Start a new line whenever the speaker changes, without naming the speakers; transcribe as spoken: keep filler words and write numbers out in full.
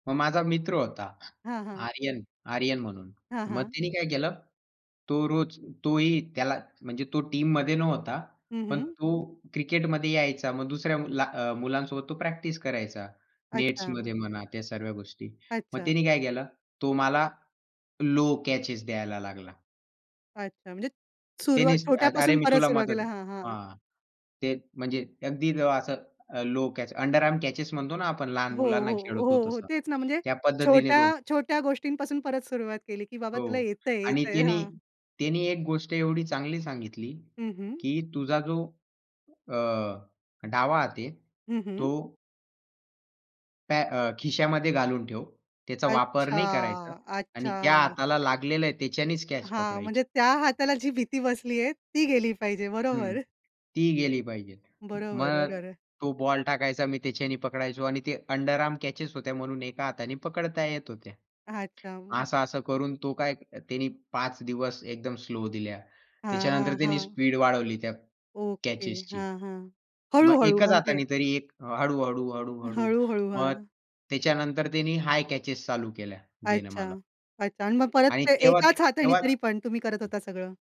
मग माझा मित्र होता
हां, हां.
आर्यन, आर्यन म्हणून.
हां,
मग
हां.
त्यानी काय केलं? तो रोज तोही त्याला म्हणजे तो टीममध्ये नव्हता.
हं,
पण
हं.
तो क्रिकेटमध्ये यायचा. मग दुसऱ्याला अ, मुलांसोबत तो प्रॅक्टिस करायचा.
अच्छा.
नेट्समध्ये म्हणा त्या सर्व्या गोष्टी. मग
अच्छा.
त्यानी काय केलं? तो मला लो कॅचेस द्यायला लागला.
अच्छा. म्हणजे सुरुवात
टेनिस अ, "अरे,
छोट्यापासून
मी
परत
तुला
सुरुवात
मदत"
केला. हां, हां, हां.
हां, ते म्हणजे अगदी अ, असं अ, low catch, under arm catches म्हणतो ना आपण लहान
हो,
मुलांना
हो.
खेळवतो
हो, हो.
तसं.
तेच ना म्हणजे
त्या पद्धतीने तो
छोट्या-छोट्या गोष्टींपासून परत सुरुवात केली, की बाबा तुला
हो. आणि
येतंय-येतंय.
त्यानी
हां.
त्यानी एक गोष्ट एवढी चांगली सांगितली
हं, हं.
की तुझा जो अ, डावा हात आहे
हं,
तो
हं.
त्या अ, खिशामध्ये घालून ठेव. त्याचा वापर
अच्छा,
नाही करायचा आणि ज्या
अच्छा.
हाताला लागलेलं आहे त्याच्यानेच कॅच
हां.
पकडायची.
म्हणजे त्या हाताला जी भीती बसलीये ती गेली पाहिजे
हं.
बरोबर.
ती गेली पाहिजे.
बरोबर,
मग
बरोबर.
तो बॉल टाकायचा. मी त्याच्याने पकडायचो आणि ते अंडर आर्म कॅचेस होत्या म्हणून एका हाताने पकडता येत होत्या.
अच्छा.
असं-असं करून तो काय त्यांनी पाच दिवस एकदम स्लो दिल्या.
हां,
त्याच्यानंतर
हां,
त्यानी
हां.
स्पीड वाढवली त्या
ओके.
कॅचेसची.
हां, हां.
मग
हळू-हळू
एकच
म्हणजे.
हाताने तरी एक हळू-हळू, हळू-हळू.
हळू-हळू.
मग
हां.
त्याच्यानंतर त्यांनी हाय कॅचेस चालू केल्या, देणं
अच्छा,
मला.
अच्छा. आणि मग परत
आणि
ते
तेव्हा
एकाच हाताने
तेव्हा
तरी पण तुम्ही करत होता सगळं.